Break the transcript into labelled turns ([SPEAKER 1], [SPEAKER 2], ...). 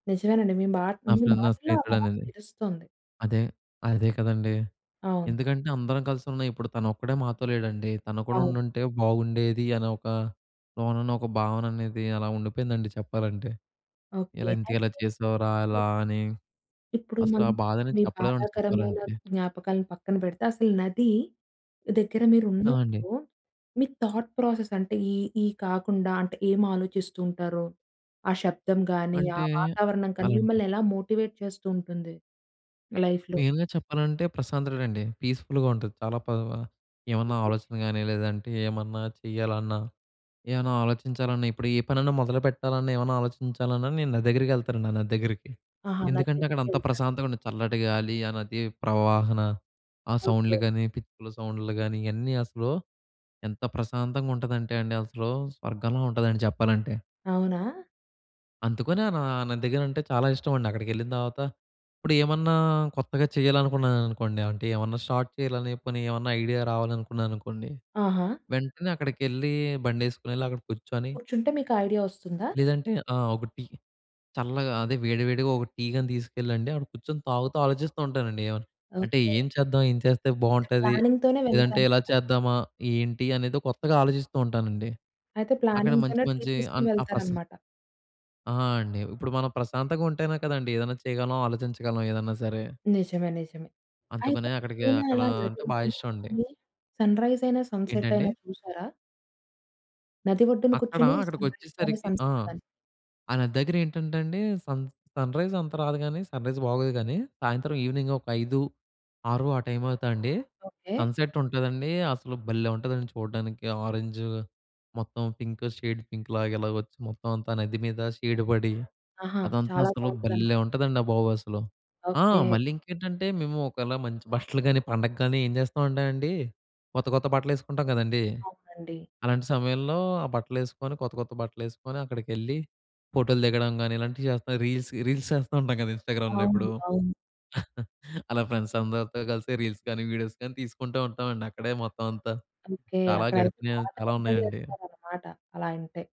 [SPEAKER 1] నిజమేనండి. మీ మాట మీ
[SPEAKER 2] ఆఫ్టర్‌నూన్ నా
[SPEAKER 1] మాటల్లో ఆ బాధ
[SPEAKER 2] స్నేహితుడనేది.
[SPEAKER 1] తెలుస్తుంది.
[SPEAKER 2] అదే. అదే. కదండీ!
[SPEAKER 1] అవును.
[SPEAKER 2] ఎందుకంటే, అందరం కలిసున్నాం ఇప్పుడు తనొక్కడే మాతో లేడండి. తను కూడా
[SPEAKER 1] అవును.
[SPEAKER 2] ఉండుంటే బాగుండేది అని ఒక లోనన ఒక భావననేది అలా ఉండిపోయిందండి చెప్పాలంటే.
[SPEAKER 1] ఓకే.
[SPEAKER 2] ఇలా ఇంతకి ఎలా
[SPEAKER 1] అయితే
[SPEAKER 2] చేశావురా,
[SPEAKER 1] హ్మ్.
[SPEAKER 2] ఇలా అని
[SPEAKER 1] ఇప్పుడు
[SPEAKER 2] అసలు ఆ
[SPEAKER 1] మనం
[SPEAKER 2] బాధని
[SPEAKER 1] మీ
[SPEAKER 2] చెప్పలేమండి
[SPEAKER 1] బాధాకరమైన
[SPEAKER 2] చెప్పాలంటే.
[SPEAKER 1] జ్ఞాపకాలను పక్కన పెడితే అసలు నది, దగ్గర మీరు
[SPEAKER 2] ఆ! అండి.
[SPEAKER 1] ఉన్నప్పుడు మీ థాట్ ప్రాసెస్ అంటే, ఈ ఈ కాకుండా అంటే ఏమి ఆలోచిస్తుంటారు. ఆ శబ్దం గాని, ఆ
[SPEAKER 2] అంటే,
[SPEAKER 1] వాతావరణం గాని,
[SPEAKER 2] అలాంటి
[SPEAKER 1] మిమ్మల్ని ఎలా మోటివేట్ చేస్తూ ఉంటుంది లైఫ్‌లో?
[SPEAKER 2] మెయిన్‌గా చెప్పాలంటే ప్రశాంతత అండి. పీస్‌ఫుల్‌గా ఉంటుంది. చాలా పవ్‌వా ఏమన్నా
[SPEAKER 1] ఓకే.
[SPEAKER 2] ఆలోచన కాని, లేదంటే ఏమన్నా చేయాలన్నా, ఏమన్నా ఆలోచించాలన్నా, ఇప్పుడు ఏ పనన్నా మొదలుపెట్టాలన్నా, ఏమన్నా ఆలోచించాలన్నా, నేను నది దగ్గరికెళ్తానండి ఆ నది దగ్గరికి.
[SPEAKER 1] ఆహా! నది
[SPEAKER 2] ఎందుకంటే, అక్కడ అంత
[SPEAKER 1] దగ్గరికెళ్తారు.
[SPEAKER 2] ప్రశాంతమైన చల్లటి గాలి, ఆ నది ప్రవాహన ఆ సౌండ్లు
[SPEAKER 1] ఓకే.
[SPEAKER 2] కానీ, పిచ్చుకల సౌండ్లు కానీ ఇయన్నీ అసలు, ఎంత ప్రశాంతంగా ఉంటదంటే అండి అసలు స్వర్గంలా ఉంటదండి చెప్పాలంటే.
[SPEAKER 1] అవునా?
[SPEAKER 2] అందుకని నా ఆ నది దగ్గర అంటే చాలా ఇష్టమండి. అక్కడికెళ్ళిన తర్వాత, ఇప్పుడేమన్నా కొత్తగా చేయాలనుకున్నాననుకోండి ఆంటేమన్నా షార్ట్ చేయాలని జెప్పని ఏమన్నా ఐడియా రావాలనుకున్నాననుకోండి.
[SPEAKER 1] ఆహా!
[SPEAKER 2] వెంటనే అక్కడికెళ్ళి బండేసుకొనెళ్లి, అక్కడ కూర్చొని
[SPEAKER 1] కూర్చుంటే మీకు ఆ ఐడియా వస్తుందా?
[SPEAKER 2] లేదంటే ఆహ్, ఒక టీ. చల్లగా అదే! వేడి వేడిగా ఒక టీ గాని తీసుకెళ్ళండి, అక్కడ కూర్చొని తాగుతా ఆలోచిస్తూ ఉంటానండి ఏమన్నా, అంటే
[SPEAKER 1] ఓకే.
[SPEAKER 2] ఏం చేద్దాం, ఏం చేస్తే
[SPEAKER 1] అంటే
[SPEAKER 2] బాగుంటది,
[SPEAKER 1] ప్లానింగ్‌తోనే
[SPEAKER 2] లేదంటే ఇలా
[SPEAKER 1] వెళ్ళాలన్నమాట.
[SPEAKER 2] చేద్దామా, ఏంటి అనేది కొత్తగా ఆలోచిస్తూ ఉంటానండి.
[SPEAKER 1] అయితే
[SPEAKER 2] అక్కడ మంచి
[SPEAKER 1] ప్లానింగ్‌తోనే టీ
[SPEAKER 2] మంచి
[SPEAKER 1] తీసుకొని
[SPEAKER 2] అన్ ఆ ప్రశా
[SPEAKER 1] వెళ్తారన్నమాట.
[SPEAKER 2] ఆ! అండి. ఇప్పుడు మనం ప్రశాంతంగా ఉంటేనే కదండీ! ఏదన్నా చేయగలం, ఆలోచించగలం ఏదన్నా సరే!
[SPEAKER 1] నిజమే. నిజమే. అయితే
[SPEAKER 2] అందుకనే అక్కడికి
[SPEAKER 1] ఎప్పుడైనా
[SPEAKER 2] అక్కడ
[SPEAKER 1] అలా నది
[SPEAKER 2] అంటే బాగా ఇష్టమండి.
[SPEAKER 1] ఒడ్డునకెళ్ళి సన్‌రైజ్ అయినా సన్‌సెట్ అయినా
[SPEAKER 2] ఏంటండి?
[SPEAKER 1] చూసారా? నది ఒడ్డున
[SPEAKER 2] అక్కడ,
[SPEAKER 1] కూర్చొని సన్‌రైజ్ గాని
[SPEAKER 2] అక్కడికొచ్చేసరికి ఆ!
[SPEAKER 1] సన్‌సెట్ గాని?
[SPEAKER 2] ఆ నది దగ్గరేంటంటే అండి. సన్ సన్‌రైజ్ అంత రాదు గానీ, సన్‌రైజ్ బాగోదు గానీ, సాయంత్రం ఈవెనింగ్ ఒక 5, 6 ఆ టైం అవుతండి.
[SPEAKER 1] ఓకే.
[SPEAKER 2] సన్‌సెట్ ఉంటదండి! అసలు భలే! ఉంటదండి చూడ్డానికి ఆరెంజ్, మొత్తం పింక్, షేడ్ పింక్ లాగా ఇలాగొచ్చి, మొత్తం అంతా నది మీద షేడ్ పడి,
[SPEAKER 1] ఆహా!
[SPEAKER 2] అదంతా
[SPEAKER 1] చాలా
[SPEAKER 2] అస్సలు
[SPEAKER 1] బాగుంటదన్నమాట.
[SPEAKER 2] భలే! ఉంటదండి ఆ బాబు! అసలు. ఆ!
[SPEAKER 1] ఓకే.
[SPEAKER 2] మళ్ళీంకేంటంటే, మేము ఒకవేళ మంచి బట్టలు గాని, పండగ గాని ఏం జేస్తామంటే అండి. కొత్త కొత్త బట్టలేసుకుంటాం కదండీ!
[SPEAKER 1] అవునండి.
[SPEAKER 2] అలాంటి సమయంలో ఆ బట్టలేసుకొని, కొత్త కొత్త బట్టలేసుకొని అక్కడికెళ్ళి, ఫోటోలు దిగడం గాని, ఇలాంటివి చేస్తాం. రీల్స్ రీల్స్ చేస్తూ ఉంటాం గదా! ఇన్‌స్టాగ్రామ్‌లో
[SPEAKER 1] అవును.
[SPEAKER 2] ఇప్పుడు.
[SPEAKER 1] అవును.
[SPEAKER 2] అలా ఫ్రెండ్స్ అందరితో కలిసి రీల్స్ గానీ, వీడియోస్ గాని తీసుకుంటూ ఉంటామండి అక్కడే మొత్తం అంతా.
[SPEAKER 1] ఓకే.
[SPEAKER 2] చాలా
[SPEAKER 1] అక్కడైతే
[SPEAKER 2] గడిపినవి
[SPEAKER 1] బాగా
[SPEAKER 2] చాలా
[SPEAKER 1] ఎంజాయ్
[SPEAKER 2] ఉన్నాయండి.
[SPEAKER 1] చేస్తారన్నమాట, అలా అంటే.